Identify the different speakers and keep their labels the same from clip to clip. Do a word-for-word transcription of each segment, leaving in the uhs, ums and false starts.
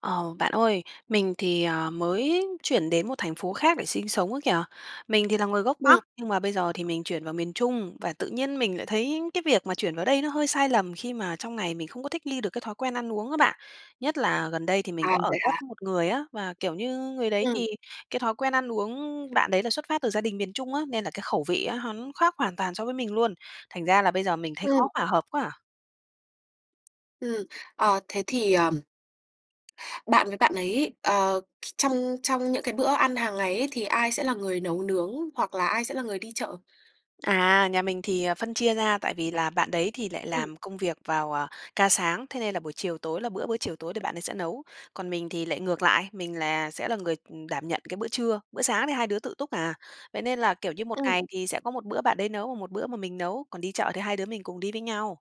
Speaker 1: Ờ, bạn ơi, mình thì, ờ, mới chuyển đến một thành phố khác để sinh sống ấy kìa, mình thì là người gốc
Speaker 2: Ừm.
Speaker 1: Bắc nhưng mà bây giờ thì mình chuyển vào miền Trung và tự nhiên mình lại thấy cái việc mà chuyển vào đây nó hơi sai lầm khi mà trong này mình không thích nghi được thói quen ăn uống á bạn. Nhất là gần đây thì mình
Speaker 2: À,
Speaker 1: có ở
Speaker 2: vậy
Speaker 1: ghép,
Speaker 2: hả?
Speaker 1: ừm, một người á và, kiểu như, người đấy
Speaker 2: Ừm.
Speaker 1: thì cái thói quen ăn uống bạn đấy là xuất phát từ gia đình miền Trung á, nên là cái khẩu vị á, hắn khác hoàn toàn so với mình luôn, thành ra là bây giờ mình thấy khó
Speaker 2: Ừm.
Speaker 1: hòa hợp quá à.
Speaker 2: Ừm. Ờ, thế thì, ờm, bạn với bạn ấy, ờ, th trong trong những cái bữa ăn hàng ngày ấy, thì ai sẽ là người nấu nướng hoặc là ai sẽ là người đi chợ?
Speaker 1: À, nhà mình thì, ờ, phân chia ra, tại vì là bạn đấy thì lại
Speaker 2: Ừm.
Speaker 1: làm công việc vào, ờ, ca sáng, thế nên là buổi chiều tối là bữa bữa chiều tối thì bạn ấy sẽ nấu, còn mình thì lại ngược lại, mình là sẽ là người, ừm, đảm nhận cái bữa trưa, bữa sáng thì hai đứa tự túc à. Vậy nên là, kiểu như, một
Speaker 2: Ừm.
Speaker 1: ngày thì sẽ có một bữa bạn đấy nấu, một bữa mà mình nấu còn đi chợ thì hai đứa mình cùng đi với nhau.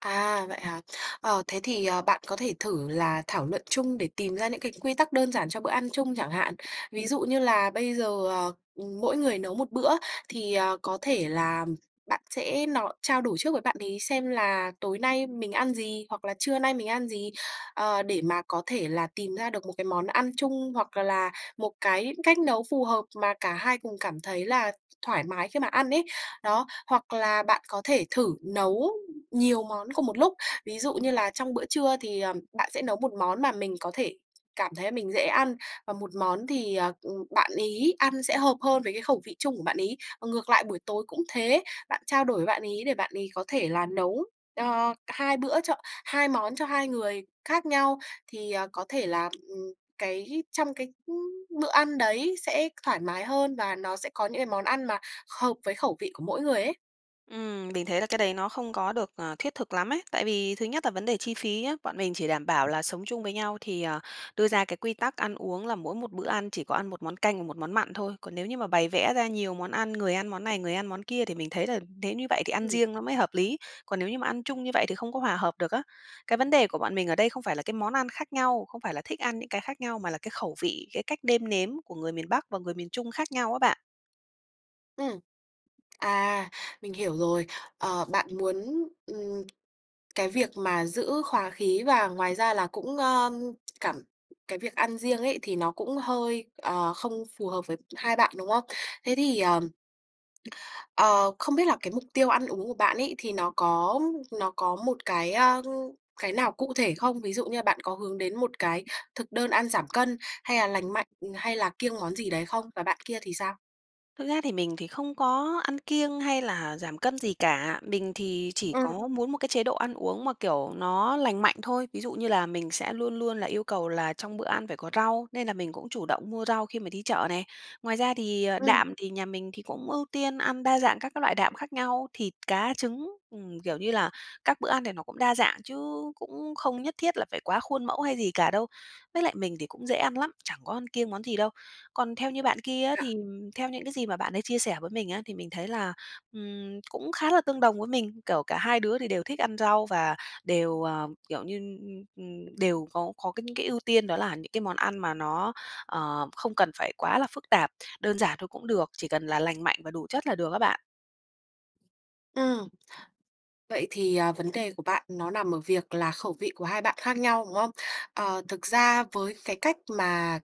Speaker 2: À, vậy hả? Ờ, thế thì, ờ, bạn có thể thử là thảo luận chung để tìm ra những cái quy tắc đơn giản cho bữa ăn chung chẳng hạn ví dụ như là bây giờ, ờ, ừm, mỗi người nấu một bữa thì, ờ, có thể là, ừm, bạn sẽ no trao đổi trước với bạn ấy xem là "Tối nay mình ăn gì hoặc là trưa nay mình ăn gì?" Ờ, để mà có thể tìm ra được một cái món ăn chung hoặc là một cái cách nấu phù hợp mà cả hai cùng cảm thấy là thoải mái khi mà ăn ấy, đó, hoặc là bạn có thể thử nấu nhiều món cùng một lúc, ví dụ như là trong bữa trưa thì, ờm, bạn sẽ nấu một món mà mình có thể cảm thấy mình dễ ăn, và một món thì, à, ừm, bạn ấy ăn sẽ hợp hơn với cái khẩu vị chung của bạn ấy. Ngược lại buổi tối cũng thế, bạn trao đổi với bạn ấy để bạn ấy có thể là nấu, ờ, cả hai bữa cho hai món cho hai người khác nhau, thì, ờ, có thể là, ừm, cái trong cái, ưm, bữa ăn đấy sẽ thoải mái hơn và nó sẽ có những cái món ăn mà hợp với khẩu vị của mỗi người ấy.
Speaker 1: Ừm, mình thấy là cái đấy nó không có được, ờ, thiết thực lắm ấy, tại vì thứ nhất là vấn đề chi phí nhá, bọn mình chỉ đảm bảo là sống chung với nhau thì, ờ, đưa ra cái quy tắc ăn uống là mỗi một bữa ăn chỉ có ăn một món canh và một món mặn thôi, còn nếu như mà bày vẽ ra nhiều món ăn, người ăn món này, người ăn món kia thì mình thấy là nếu như vậy thì ăn
Speaker 2: Ừm.
Speaker 1: riêng nó mới hợp lý, còn nếu như ăn chung như vậy thì không có hòa hợp được á. Cái vấn đề của bọn mình ở đây không phải là cái món ăn khác nhau không phải là thích ăn những cái khác nhau mà là cái khẩu vị, cái cách nêm nếm của người miền Bắc và người miền Trung khác nhau á bạn.
Speaker 2: Ừm, à, mình hiểu rồi, ờ, bạn muốn, ừm, cái việc mà giữ hòa khí và ngoài ra là cũng, ơ, cảm cái việc ăn riêng ấy thì nó cũng hơi, ờ, không phù hợp với hai bạn, đúng không? Thế thì, ờm, ờ, không biết là cái mục tiêu ăn uống của bạn ấy thì nó có nó có một cái, a, cái nào cụ thể không? Ví dụ như là bạn có hướng đến một cái thực đơn ăn giảm cân, hay là lành mạnh, hay là kiêng món gì đấy không và bạn kia thì sao?
Speaker 1: Thực ra thì mình thì không có ăn kiêng hay là giảm cân gì cả, mình thì chỉ
Speaker 2: Ừm.
Speaker 1: có muốn một cái chế độ ăn uống mà, kiểu, nó lành mạnh thôi. Ví dụ như là mình sẽ luôn luôn là yêu cầu là trong bữa ăn phải có rau nên là mình cũng chủ động mua rau khi mà đi chợ này, ngoài ra thì, ờ,
Speaker 2: Ừm.
Speaker 1: đạm thì nhà mình thì cũng ưu tiên ăn đa dạng các cái loại đạm khác nhau thịt, cá, trứng, ừm, kiểu như là các bữa ăn thì nó cũng đa dạng chứ cũng không nhất thiết là phải quá khuôn mẫu hay gì cả đâu. Với lại mình thì cũng dễ ăn lắm, chẳng có ăn kiêng món gì đâu. Còn theo như bạn kia á
Speaker 2: Dạ.
Speaker 1: thì, ừm, theo những cái gì mà bạn ấy chia sẻ với mình á thì mình thấy là, ừm, cũng khá là tương đồng với mình, kiểu, cả hai đứa thì đều thích ăn rau và đều, ờ, kiểu như, ưm, ừm, đều có có cái những cái ưu tiên đó là những món ăn mà nó, ờ, không cần phải quá là phức tạp, đơn giản thôi cũng được, chỉ cần là lành mạnh và đủ chất là được á bạn.
Speaker 2: Ừm, vậy thì, ờ, vấn đề của bạn nó nằm ở việc là khẩu vị của hai bạn khác nhau, đúng không? Ờ, thực ra với cái cách mà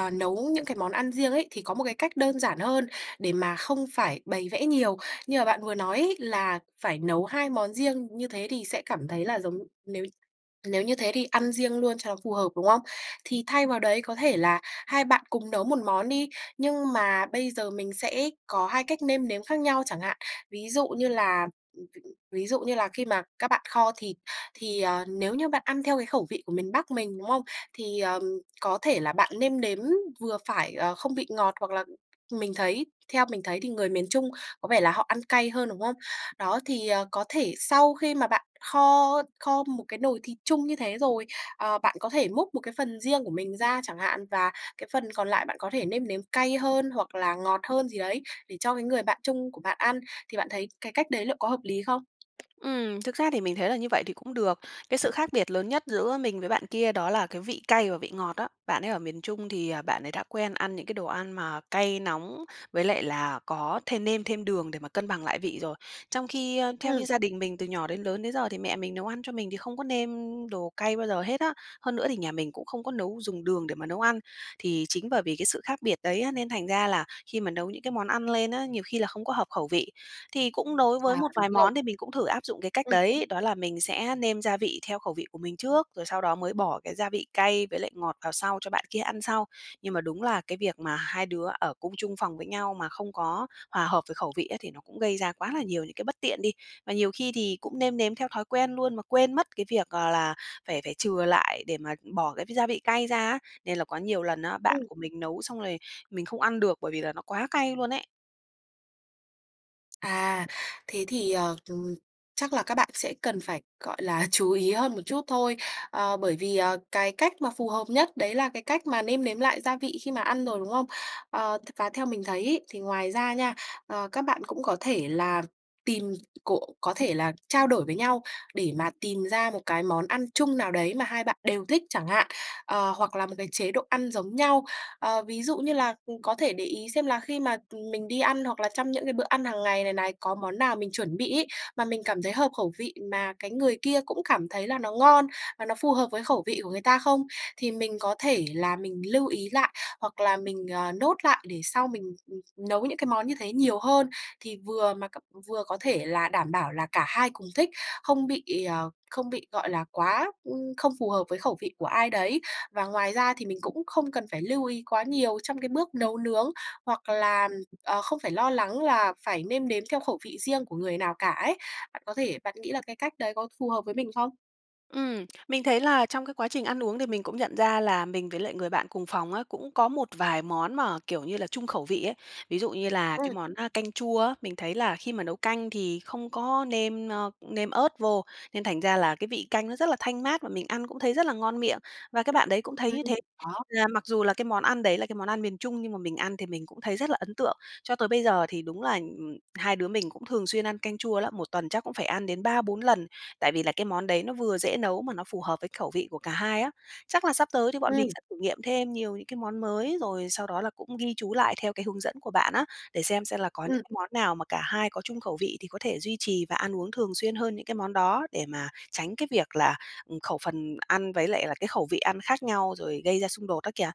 Speaker 2: n nấu những cái món ăn riêng ấy thì có một cái cách đơn giản hơn để mà không phải bày vẽ nhiều, như mà bạn vừa nói ấy là phải nấu hai món riêng như thế thì sẽ cảm thấy là giống, nếu nếu như thế thì ăn riêng luôn cho phù hợp, đúng không? Thì thay vào đấy có thể là hai bạn cùng nấu một món đi nhưng mà bây giờ mình sẽ có hai cách nêm nếm khác nhau chẳng hạn, ví dụ như là ví dụ như là khi mà các bạn kho thịt thì, ờ, nếu như bạn ăn theo cái khẩu vị của miền Bắc mình, đúng không? Thì, ờm, có thể là bạn nêm nếm vừa phải, ờ, không vị ngọt hoặc là mình thấy theo mình thấy thì người miền Trung có vẻ là họ ăn cay hơn, đúng không? Đó thì, ờ, có thể sau khi mà bạn kho kho một cái nồi thịt chung như thế rồi, ờ, bạn có thể múc một cái phần riêng của mình ra chẳng hạn và cái phần còn lại bạn có thể nêm nếm cay hơn hoặc là ngọt hơn gì đấy để cho cái người bạn chung của bạn ăn thì bạn thấy cái cách đấy liệu có hợp lý không?
Speaker 1: Ừm, thực ra thì mình thấy là như vậy thì cũng được, cái sự khác biệt lớn nhất giữa mình với bạn kia đó là cái vị cay và vị ngọt á, bạn ấy ở miền Trung thì, ờ, bạn ấy đã quen ăn những cái đồ ăn mà cay nóng với lại là có thêm nêm thêm đường để mà cân bằng lại vị rồi, trong khi, ơ, theo như
Speaker 2: Ừm.
Speaker 1: gia đình mình từ nhỏ đến lớn đến giờ thì mẹ mình nấu ăn cho mình thì không có nêm đồ cay bao giờ hết á. Hơn nữa thì nhà mình cũng không có nấu dùng đường để mà nấu ăn, thì chính bởi vì cái sự khác biệt đấy á nên thành ra là khi mà nấu những cái món ăn lên á, nhiều khi là không có hợp khẩu vị. Thì cũng đối với
Speaker 2: À,
Speaker 1: một
Speaker 2: đúng
Speaker 1: vài
Speaker 2: rồi.
Speaker 1: món thì mình cũng thử áp dụng cái cách
Speaker 2: Ừm.
Speaker 1: đấy đó là mình sẽ nêm gia vị theo khẩu vị của mình trước rồi sau đó mới bỏ cái gia vị cay với lại ngọt vào sau cho bạn kia ăn sau, nhưng mà đúng là cái việc mà hai đứa ở cùng chung phòng với nhau mà không có hòa hợp về khẩu vị á, thì nó cũng gây ra quá là nhiều những cái bất tiện đi. Mà nhiều khi thì cũng nêm nếm theo thói quen luôn mà quên mất cái việc, ờ, là phải phải chừa lại để mà bỏ cái gia vị cay ra á, nên là có nhiều lần á, bạn
Speaker 2: Ừm.
Speaker 1: của mình nấu xong rồi mình không ăn được bởi vì là nó quá cay luôn ấy.
Speaker 2: À, thế thì, ờ, ừm, chắc là các bạn sẽ cần phải, gọi là, chú ý hơn một chút thôi, ờ, bởi vì, ờ, cái cách mà phù hợp nhất đấy là cái cách mà nêm nếm lại gia vị khi mà ăn rồi, đúng không? Ờ, t và theo mình thấy ấy thì ngoài ra nha, ờ, các bạn cũng có thể là tìm cộ có thể là trao đổi với nhau để mà tìm ra một cái món ăn chung nào đấy mà hai bạn đều thích chẳng hạn, ờ, hoặc là một cái chế độ ăn giống nhau, ờ, ví dụ như là, ừm, có thể để ý xem là khi mà, ừm, mình đi ăn hoặc là trong những cái bữa ăn hàng ngày này này có món nào mình chuẩn bị ấy mà mình cảm thấy hợp khẩu vị mà cái người kia cũng cảm thấy là nó ngon và nó phù hợp với khẩu vị của người ta không? Thì mình có thể là mình lưu ý lại hoặc là mình, ờ, note lại để sau mình, ừm, ừm, nấu những cái món như thế nhiều hơn, thì vừa mà cặp vừa có thể là đảm bảo là cả hai cùng thích, không bị, ờ, không bị, gọi là, quá, ưm, không phù hợp với khẩu vị của ai đấy. Và ngoài ra thì mình cũng không cần phải lưu ý quá nhiều trong cái bước nấu nướng hoặc là, ừm, ờ, không phải lo lắng là phải nêm nếm theo khẩu vị riêng của người nào cả ấy. Bạn có thể bạn nghĩ là cái cách đấy có phù hợp với mình không?
Speaker 1: Ừm, mình thấy là trong cái quá trình ăn uống thì mình cũng nhận ra là mình với lại người bạn cùng phòng á, cũng có một vài món mà, kiểu như là, chung khẩu vị ấy. Ví dụ như là cái
Speaker 2: Ừm.
Speaker 1: món, a, canh chua á, mình thấy là khi mà nấu canh thì không có nêm, ơ, nêm ớt vô nên thành ra là cái vị canh nó rất là thanh mát và mình ăn cũng thấy rất là ngon miệng và cái bạn đấy cũng thấy
Speaker 2: Ừm,
Speaker 1: như thế,
Speaker 2: đó.
Speaker 1: là mặc dù là cái món ăn đấy là cái món ăn miền Trung nhưng mà mình ăn thì mình cũng thấy rất là ấn tượng. Cho tới bây giờ thì đúng là, ừm hai đứa mình cũng thường xuyên ăn canh chua lắm, một tuần chắc cũng phải ăn đến ba, bốn lần, tại vì là cái món đấy nó vừa dễ nấu mà nó phù hợp với khẩu vị của cả hai á. Chắc là sắp tới thì bọn mình
Speaker 2: Ừm.
Speaker 1: sẽ thử nghiệm thêm nhiều những cái món mới rồi sau đó là cũng ghi chú lại theo cái hướng dẫn của bạn á, để xem xem là có những
Speaker 2: Ừm.
Speaker 1: món nào mà cả hai có chung khẩu vị thì có thể duy trì và ăn uống thường xuyên hơn những cái món đó để mà tránh cái việc là, ừm, khẩu phần ăn với lại là cái khẩu vị ăn khác nhau rồi gây ra xung đột đó kìa.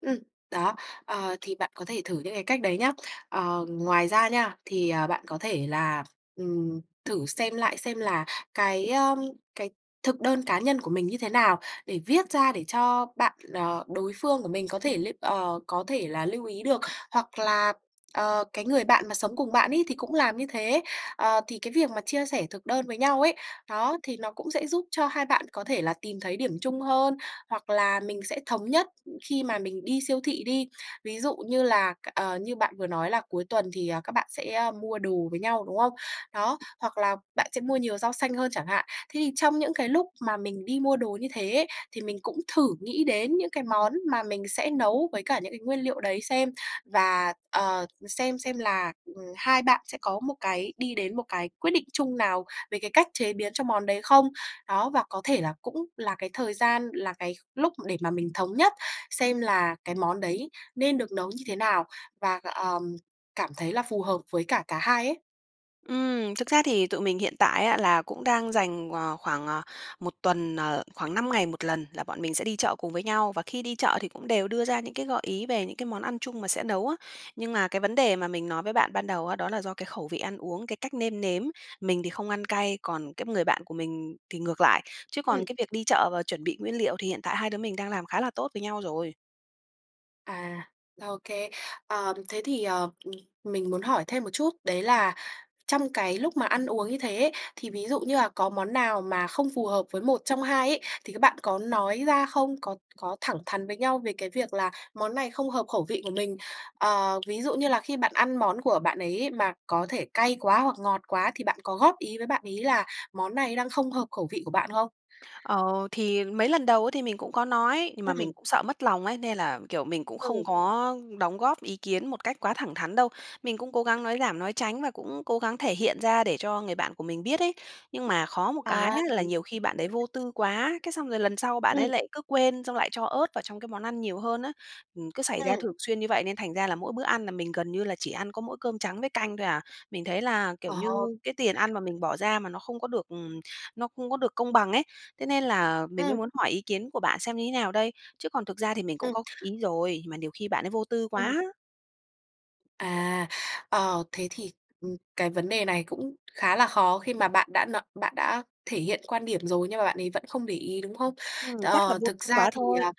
Speaker 2: Ừm, đó, ờ, thì bạn có thể thử những cái cách đấy nhé. Ờ, ngoài ra nha thì, ờ, bạn có thể là, ừm, thử xem lại xem là cái, ưm, cái thực đơn cá nhân của mình như thế nào để viết ra để cho bạn, ờ, đối phương của mình có thể lưu ờ, có thể là lưu ý được. Hoặc là, ờ, cái người bạn mà sống cùng bạn ấy thì cũng làm như thế, ờ, thì cái việc mà chia sẻ thực đơn với nhau ấy, đó thì nó cũng sẽ giúp cho hai bạn có thể là tìm thấy điểm chung hơn hoặc là mình sẽ thống nhất, khi mà mình đi siêu thị đi. Ví dụ như là c ờ, như bạn vừa nói là cuối tuần thì, ờ, các bạn sẽ, a, mua đồ với nhau, đúng không? Đó, hoặc là bạn sẽ mua nhiều rau xanh hơn chẳng hạn. Thế thì trong những cái lúc mà mình đi mua đồ như thế thì mình cũng thử nghĩ đến những cái món mà mình sẽ nấu với cả những cái nguyên liệu đấy xem và, ờ, xem xem là, ừm, hai bạn sẽ có một cái đi đến một cái quyết định chung nào về cái cách chế biến cho món đấy không? Đó và có thể là cũng là cái thời gian, là cái lúc để mà mình thống nhất xem là cái món đấy nên được nấu như thế nào và, ờm, cảm thấy là phù hợp với cả cả hai ấy.
Speaker 1: Ừm, thực ra thì tụi mình hiện tại á, là cũng đang dành, ờ, khoảng, à, một tuần, ờ, khoảng năm ngày một lần là bọn mình sẽ đi chợ cùng với nhau và khi đi chợ thì cũng đều đưa ra những cái gợi ý về những cái món ăn chung mà sẽ nấu á. Nhưng mà cái vấn đề mà mình nói với bạn ban đầu á, đó là do cái khẩu vị ăn uống, cái cách nêm nếm, mình thì không ăn cay còn cái người bạn của mình thì ngược lại, chứ còn
Speaker 2: Ừm.
Speaker 1: việc đi chợ và chuẩn bị nguyên liệu thì hiện tại hai đứa mình đang làm khá là tốt với nhau rồi.
Speaker 2: À OK. Ờm, thế thì, ờ, ừm, mình muốn hỏi thêm một chút đấy là trong cái lúc mà ăn uống như thế ấy, thì ví dụ như là có món nào mà không phù hợp với một trong hai ấy thì các bạn có nói ra không? Có có thẳng thắn với nhau về cái việc là món này không hợp khẩu vị của mình, ờ, ví dụ như là khi bạn ăn món của bạn ấy mà có thể cay quá hoặc ngọt quá thì bạn có góp ý với bạn ấy là món này đang không hợp khẩu vị của bạn không?
Speaker 1: Ờ, thì mấy lần đầu ấy thì mình cũng có nói, nhưng mà
Speaker 2: Ừm.
Speaker 1: mình sợ mất lòng ấy nên là, kiểu, mình cũng không
Speaker 2: Ừm.
Speaker 1: có đóng góp ý kiến một cách quá thẳng thắn đâu. Mình cũng cố gắng nói giảm, nói tránh và cũng cố gắng thể hiện ra để cho người bạn của mình biết ấy, nhưng mà khó một cái
Speaker 2: À!
Speaker 1: á là nhiều khi bạn đấy vô tư quá, cái xong rồi lần sau bạn
Speaker 2: Ừm.
Speaker 1: ấy lại cứ quên xong lại cho ớt vào trong cái món ăn nhiều hơn á. Ừm, cứ xảy ra
Speaker 2: Ừm.
Speaker 1: thường xuyên như vậy nên thành ra là mỗi bữa ăn là mình gần như là chỉ ăn có mỗi cơm trắng với canh thôi à, mình thấy là, kiểu như,
Speaker 2: Ờ.
Speaker 1: cái tiền ăn mà mình bỏ ra mà nó không có được, ừm, nó không có được công bằng ấy, thế nên là mình mới
Speaker 2: Ừm.
Speaker 1: muốn hỏi ý kiến của bạn xem như thế nào đây? Chứ còn thực ra mình
Speaker 2: Ừm.
Speaker 1: góp ý rồi, mà nhiều khi bạn ấy vô tư
Speaker 2: Ừm.
Speaker 1: quá.
Speaker 2: À, ờ, thế thì, ừm, cái vấn đề này cũng khá là khó khi mà bạn đã no bạn đã thể hiện quan điểm rồi nhưng mà bạn ấy vẫn không để ý, đúng không?
Speaker 1: Ừm, chắc là
Speaker 2: Ờ,
Speaker 1: vô
Speaker 2: thực ra
Speaker 1: quá
Speaker 2: thì,
Speaker 1: thôi.
Speaker 2: ờ,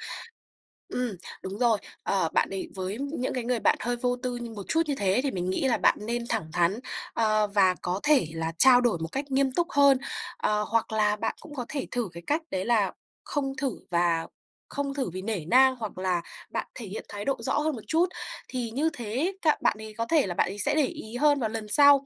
Speaker 2: ừm, đúng rồi, ờ, bạn ấy với những cái người bạn hơi vô tư như một chút như thế thì mình nghĩ là bạn nên thẳng thắn, ờ, và có thể là trao đổi một cách nghiêm túc hơn, ờ, hoặc là bạn cũng có thể thử cái cách đấy là không thử và không thử vì nể nang hoặc là bạn thể hiện thái độ rõ hơn một chút, thì như thế ấy k bạn ấy có thể là bạn ấy sẽ để ý hơn vào lần sau.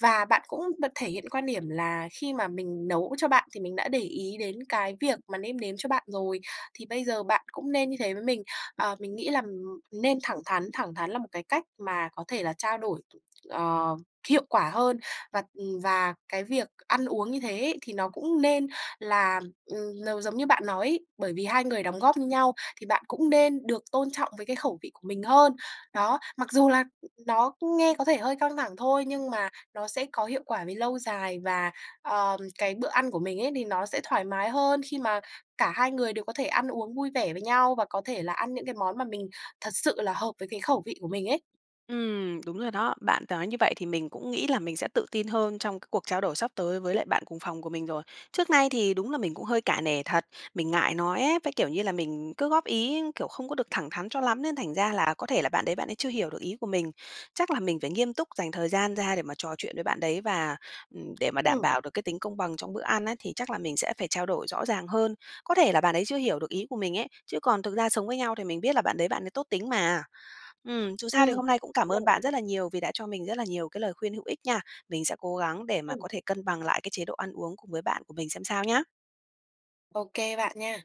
Speaker 2: Và bạn cũng bật thể hiện quan điểm là khi mà mình nấu cho bạn thì mình đã để ý đến cái việc mà nêm nếm cho bạn rồi, thì bây giờ bạn cũng nên như thế với mình, ờ, mình nghĩ là, ừm, nên thẳng thắn, thẳng thắng là một cái cách mà có thể là trao đổi, ờ, hiệu quả hơn và, ừm, và cái việc ăn uống như thế ấy thì nó cũng nên là, ừm, n giống như bạn nói ấy, bởi vì hai người đóng góp như nhau thì bạn cũng nên được tôn trọng với cái khẩu vị của mình hơn. Đó, mặc dù là nó nghe có vẻ hơi căng thẳng thôi nhưng mà nó sẽ có hiệu quả về lâu dài và, ờm, cái bữa ăn của mình ấy thì nó sẽ thoải mái hơn khi mà cả hai người đều có thể ăn uống vui vẻ với nhau và có thể là ăn những cái món mà mình thật sự là hợp với cái khẩu vị của mình ấy.
Speaker 1: Ừm, đúng rồi đó, bạn nói như vậy thì mình cũng nghĩ là mình sẽ tự tin hơn trong c cuộc trao đổi sắp tới với lại bạn cùng phòng của mình rồi, trước nay thì đúng là mình cũng hơi cả nể thật, mình ngại nói ấy, với, kiểu như là, mình cứ góp ý, kiểu, không có được thẳng thắn cho lắm nên thành ra là có thể là bạn đấy bạn ấy chưa hiểu được ý của mình. Chắc là mình phải nghiêm túc dành thời gian ra để mà trò chuyện với bạn đấy và, ừm, để mà đảm
Speaker 2: Ừm.
Speaker 1: bảo được cái tính công bằng trong bữa ăn á thì chắc là mình sẽ phải trao đổi rõ ràng hơn, có thể là bạn ấy chưa hiểu được ý của mình ấy, chứ còn thực ra sống với nhau thì mình biết là bạn đấy bạn ấy tốt tính mà. Ừm, dù sao thì
Speaker 2: Ừm,
Speaker 1: hôm nay cũng
Speaker 2: đúng
Speaker 1: cảm ơn
Speaker 2: rồi.
Speaker 1: bạn rất là nhiều vì đã cho mình rất là nhiều cái lời khuyên hữu ích nha, mình sẽ cố gắng để mà
Speaker 2: Ừm.
Speaker 1: có thể cân bằng lại cái chế độ ăn uống cùng với bạn của mình xem sao nhá!
Speaker 2: Ô kê bạn nha.